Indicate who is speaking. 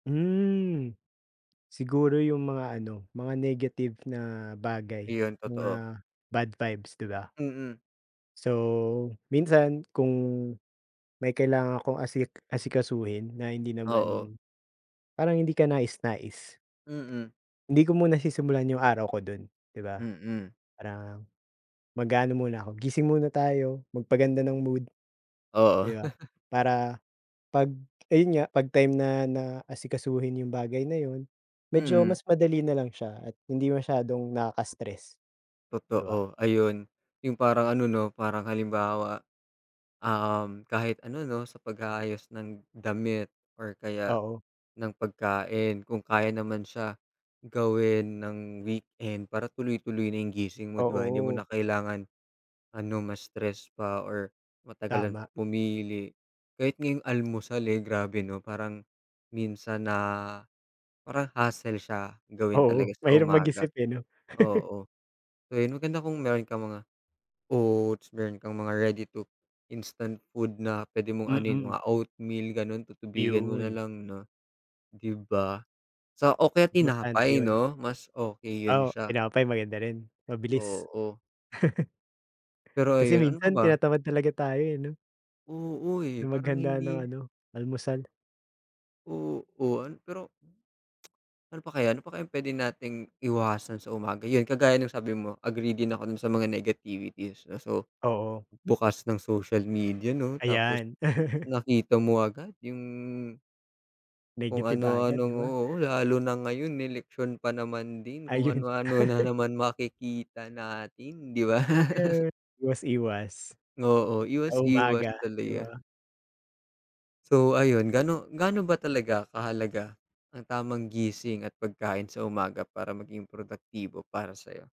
Speaker 1: Hmm. Siguro yung mga ano mga negative na bagay,
Speaker 2: Ayun
Speaker 1: mga
Speaker 2: totoo.
Speaker 1: bad vibes, di ba.
Speaker 2: Mm.
Speaker 1: So minsan kung may kailangan akong asik asikasuhin na hindi
Speaker 2: Oo.
Speaker 1: naman, parang hindi ka nais nais.
Speaker 2: Mm.
Speaker 1: Hindi ko muna sisimulan yung araw ko dun di ba?
Speaker 2: Mm.
Speaker 1: Parang mag-aano muna ako gising muna tayo magpaganda ng mood.
Speaker 2: Oo.
Speaker 1: Di ba, para pag, ayun nga, pag time na na asikasuhin yung bagay na yun medyo
Speaker 2: Mm.
Speaker 1: mas madali nalang siya at hindi masyadong nakaka-stress, di ba?
Speaker 2: Totoo. Ayun yung parang ano no parang halimbawa, um, kahit ano no sa pag-aayos ng damit or kaya
Speaker 1: Oo.
Speaker 2: ng pagkain. Kung kaya naman siya gawin ng weekend para tuloy-tuloy na gising mo di ba? Hindi mo na
Speaker 1: Oo.
Speaker 2: kailangan ano ma-stress pa or matagalang
Speaker 1: Tama.
Speaker 2: pumili. Kahit nga yung almusal, eh, grabe no? Parang minsan na, parang hassle siya gawin
Speaker 1: Oo
Speaker 2: talaga sa
Speaker 1: mahirap
Speaker 2: umaga.
Speaker 1: mag-isip, eh, no?
Speaker 2: Oo. Kaya maganda kung meron kang mga oats, meron kang mga ready to instant food na pwede mong anohin,
Speaker 1: Mm.
Speaker 2: mga oatmeal ganon tutubigan mo
Speaker 1: Yun.
Speaker 2: nalang no di ba sa o kaya
Speaker 1: Importante
Speaker 2: tinapay
Speaker 1: yun.
Speaker 2: no? Mas okay yun
Speaker 1: O,
Speaker 2: siya.
Speaker 1: tinapay maganda rin. Mabilis.
Speaker 2: Oo. Pero
Speaker 1: Kasi
Speaker 2: ayun. Ano pa
Speaker 1: minsan
Speaker 2: ba?
Speaker 1: tinatamad talaga tayo, eh, no?
Speaker 2: Oo, eh,
Speaker 1: Na
Speaker 2: parang
Speaker 1: maghanda ng
Speaker 2: hindi
Speaker 1: ano, almusal.
Speaker 2: Oo. Pero ano pa kaya? Ano pa kayang pwede nating iwasan sa umaga. Yun kagaya ng sabi mo agree din ako dun sa mga negativities. So
Speaker 1: Oo.
Speaker 2: bukas ng social media no tapos
Speaker 1: Ayan.
Speaker 2: nakita mo agad yung Kung
Speaker 1: Negative
Speaker 2: ano,
Speaker 1: agad di
Speaker 2: anong
Speaker 1: ba?
Speaker 2: oo. Lalo na ngayon election pa naman din. Kung
Speaker 1: Ayun.
Speaker 2: ano ano na naman makikita natin, di ba?
Speaker 1: Eh, iwas iwas.
Speaker 2: Oo
Speaker 1: Sa
Speaker 2: iwas iwas
Speaker 1: umaga, di
Speaker 2: talaga.
Speaker 1: ba?
Speaker 2: So ayun gano gaano ba talaga kahalaga ang tamang gising at pagkain sa umaga para maging produktibo para sayo?